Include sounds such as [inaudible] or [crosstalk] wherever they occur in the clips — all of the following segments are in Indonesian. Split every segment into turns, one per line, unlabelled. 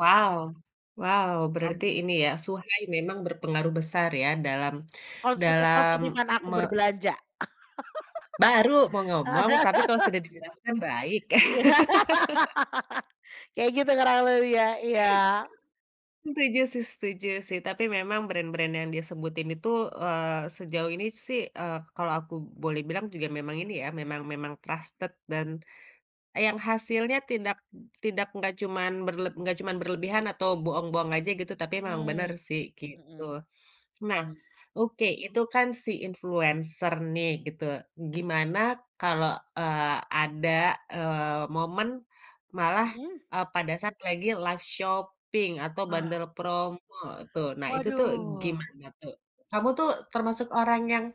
Wow, wow,
Mmm,
berarti
mhm.
ini ya, [unintelligible] memang berpengaruh besar ya, dalam
Kalau suka kalau
dalam,
[unintelligible] aku
me
berbelanja.
Baru mau ngomong, tapi kalau sudah dijelaskan,
[laughs]
baik.
Iya.
[laughs]
[laughs] Kayak gitu ngerangkulnya iya iya.
[chuckles] Setuju sih setuju sih, tapi memang brand-brand yang dia sebutin itu, eee, sejauh ini sih, eee, kalau aku boleh bilang juga memang ini ya, memang memang trusted, dan, yang hasilnya tidak tidak nggak cuman berleb nggak cuman berlebihan atau bohong-bohong aja, gitu, tapi memang benar
Mmm.
sih,
Mhm.
gitu. Nah,
Mmm.
oke, itu kan, si influencer nih, gitu, gimana kalau, eee, ada, eee, momen malah,
Mhm.
eee, pada saat lagi live shopping atau
Wah.
bundle promo tuh, nah, itu tuh,
Waduh.
gimana tuh? Kamu tuh, termasuk orang yang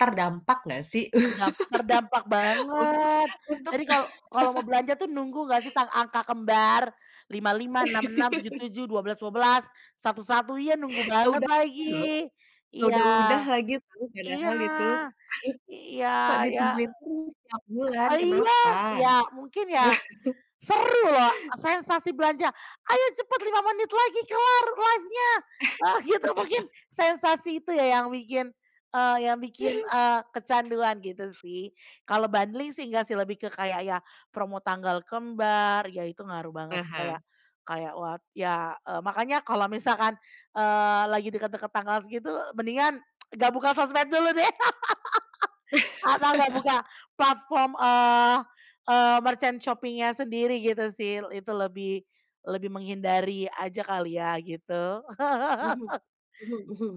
terdampak nggak sih?
Terdam terdampak
[laughs] Untuk
banget.
untuk
Jadi, kalau kalau mau belanja tuh,
[laughs]
nunggu ngga sih, ta angka kembar. lima lima, enam enam, tujuh
[laughs]
tujuh, dua belas dua belas, satu satu, iya, nunggu
[chuckles]
banget
Udah loh,
lagi. Iya,
udah udah lagi tuh,
iya,
padahal itu, [chuckles]
iya
kok
iya
ditungguin terus setiap bulan,
ah, iya
kenapa?
iya, mungkin ya, seru loh,
[laughs]
sensasi belanja, "Ayo cepat, 5 menit lagi kelar live-nya," nah gitu, mungkin,
[laughs]
sensasi itu ya, yang bikin, eee, yang bikin, eee, kecanduan, gitu sih. Kalau bundling sih, ngga sih, lebih ke kayak, ya, promo tanggal kembar, ya, itu ngaruh
Ah
banget sih, kayak
hah.
kayak wah ya, eee, makanya kalau misalkan, eee, lagi deket-deket tanggal segitu, mendingan [tsk] nggak buka sosmed dulu deh. [laughs] Atau, nggak buka
[laughs]
platform, eee eee, merchant shopping-nya sendiri, gitu sih, itu lebih lebih menghindari aja, kali ya, gitu.
Mhm,
[laughs]
mhm mhm.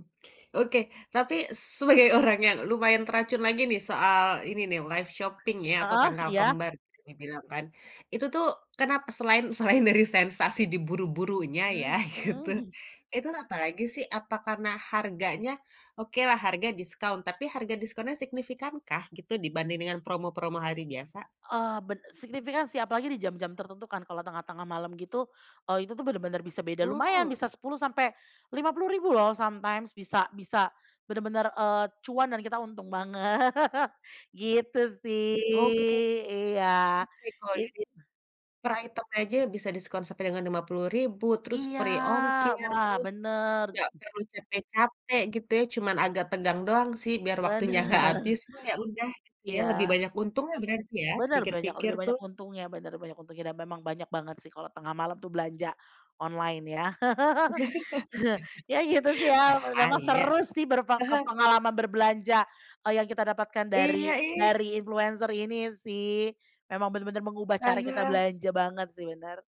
Oke, tapi sebagai orang yang lumayan teracun lagi nih, soal, ini nih, live shopping ya, atau
Heeh?
tanggal
Iya?
kembar, bisa dibilang kan. Itu tuh, kenapa selain selain dari sensasi diburu-burunya ya,
Mmm, mhm.
gitu,
[chuckles]
itu apalagi sih, apa karena harganya? Okelah harga diskon, tapi harga diskonnya signifikankah, gitu, dibanding promo-promo hari biasa?
Eee, ben signifikan sih, apalagi di jam-jam tertentu kan, kalau tengah-tengah malam, gitu, eee, itu tuh, benar-benar bisa beda, lumayan,
Mmm.
bisa Rp10.000 sampai Rp50.000 loh, sometimes, bisa bisa, benar-benar, eee, cuan dan kita untung banget. [laughs] Gitu sih
Oke oke,
iya,
oke, kalau di
gitu.
di per item aja bisa diskon sampai dengan Rp50.000, terus free
Iya!
ongkir,
Wah,
terus
benar.
nggak perlu capek-capek, gitu ya. Cuman agak tegang doang sih, biar waktunya nggak habis,
Benar.
cuman ya udah, gitu ya, lebih
Iya.
banyak untungnya, berarti ya,
Benar, banyak
dipikir-pikir
lebih
tuh.
banyak untungnya benar, banyak untungnya dan memang banyak banget sih, kalau tengah malam tuh belanja online ya. [laughs] Ya, gitu sih
[laughs]
ya, memang
Bahaya.
seru sih berpe
Ah hah.
pengalaman berbelanja, kalau yang kita dapatkan
Iya,
dari
ih.
dari influencer ini sih, memang benar-benar mengubah
Ah
cara kita
hah.
belanja banget sih, benar.